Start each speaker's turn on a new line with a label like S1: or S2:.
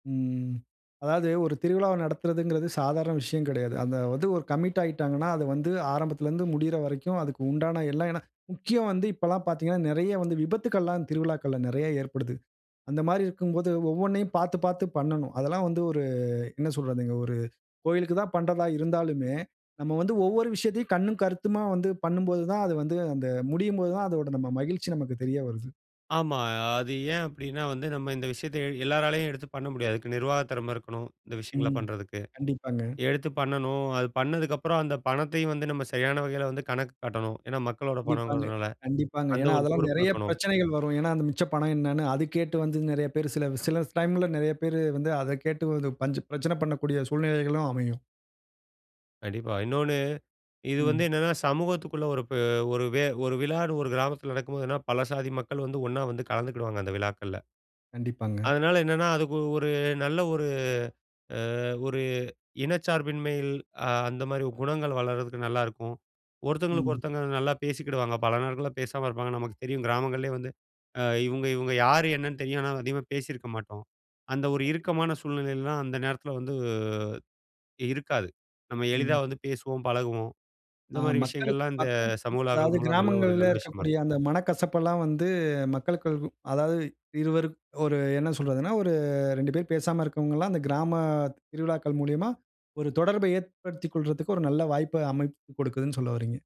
S1: ம். அதாவது ஒரு திருவிழாவ நடத்துறதுங்கறது சாதாரண விஷயம் கெடையாது. அந்த வந்து ஒரு கமிட் ஆயிட்டாங்கனா, அது வந்து ஆரம்பத்திலருந்து முடியிற வரைக்கும், அதுக்கு உண்டான எல்லாம், ஏன்னா முக்கியம் வந்து இப்பல்லாம் பாத்தீங்கனா, நெறைய வந்து விபத்துக்கள்லாம் திருவிழாக்கள்ல நெறைய ஏற்படுது. அந்த மாரி இருக்கும்போது, ஒவ்வொன்னையும் பாத்து, பாத்து பண்ணணும். அதெல்லாம் வந்து ஒரு என்ன சொல்றதுங்க, ஒரு கோயிலுக்கு தான் பண்றதா இருந்தாலுமே, நம்ம வந்து ஒவ்வொரு விஷயத்தையும், கண்ணும், கருத்துமா வந்து பண்ணும்போது தான், அது வந்து அந்த முடியும்போது தான், அதோட நம்ம மகிழ்ச்சி நமக்கு தெரிய வருது.
S2: ஆமா. அது ஏன் அப்டின்னா வந்து, நம்ம இந்த விஷயத்த எ எல்லாராலயும் எடுத்து பண்ண முடியாது. இதுக்கு நிர்வாக திறம இருக்கணும். இந்த விஷயங்கள
S1: ம்,
S2: பண்றதுக்கு.
S1: கண்டிப்பாங்க.
S2: எடுத்து பண்ணணும், அது பண்ணதுக்கு அப்புறம் அந்த பணத்தையும் வந்து, நம்ம சரியான வகையில வந்து கணக்கு காட்டணும். ஏன்னா, மக்களோட
S1: கண்டிப்பாங்க,
S2: பணம்ங்கிறதுனால
S1: கண்டிப்பாங்க.
S2: அந்த
S1: ஏனா,
S2: ஒரு
S1: அதெல்லாம்
S2: பொறுப்பு
S1: நெறைய
S2: இருக்கணும்.
S1: பிரச்சனைகள் வரும். ஏனா, அந்த மிச்ச பணம் என்னனு, அது கேட்டு வந்து நெறையா பேரு, சில வி சில டைம்ல நெறைய பேரு வந்து, அத கேட்டு வந்து, பஞ் பிரச்சனை பண்ணக்கூடிய சூழ்நிலைகளும் அமையும்.
S2: கண்டிப்பா. இன்னோனு, இது வந்து
S1: ம்.
S2: என்னன்னா, சமூகத்துக்குள்ள ஒரு பே ஒரு வெ ஒரு விழான்னு ஒரு கிராமத்தில நடக்கும்போதுன்னா, பல சாதி மக்கள் வந்து, ஒண்ணா வந்து கலந்துக்கிடுவாங்க, அந்த விழாக்கள்ல.
S1: கண்டிப்பாங்க.
S2: அதனால என்னன்னா, அதுக்கு ஒரு நல்ல ஒரு அ ஒரு இனச்சார்பின்மையில் அ, அந்த மாரி குணங்கள் வளர்றதுக்கு நல்லாருக்கும். ஒருத்தவங்களுக்கு
S1: ம்.
S2: ஒருத்தவங்க நல்லா பேசிக்கிடுவாங்க. பல நாட்களா பேசாம இருப்பாங்க. நமக்கு தெரியும். கிராமங்கள்லேயே வந்து, அ, இவங்க இவங்க யாரு என்னன்னு தெரியும். ஆனா, அதிகமா பேசியிருக்க மாட்டோம். அந்த ஒரு
S1: கண்டிப்பா.
S2: இறுக்கமான சூழ்நிலையிலலாம் அந்த நேரத்தில வந்து இருக்காது. நம்ம எளிதா
S1: ம்.
S2: வந்து, பேசுவோம், பழகுவோம். இந்த
S1: ஆ,
S2: மாரி
S1: மக்கள்,
S2: விஷயங்கள்லாம், இந்த
S1: மக்க
S2: சமூக விழாக்கள்
S1: அதாவது
S2: மூலம், எல்லாம் ஒரு
S1: கிராமங்கள்ல
S2: நல்ல விஷயமா இருக்
S1: இருக்கக்கூடிய அந்த மனக்கசப்பலாம் வந்து மக்கள்களுக்கு அதாவது இருவருக் ஒரு என்ன சொல்றதுனா, ஒரு 2 பேர் பேசாம இருக்கிறவங்கள்லாம், அந்த கிராம திருவிழாக்கள் மூலியமா, ஒரு தொடர்ப ஏற்படுத்திக் கொள்றதுக்கு, ஒரு நல்ல வாய்ப்பு, அமைத்துக் குடுக்குதுனு சொல்ல வர்றீங்க.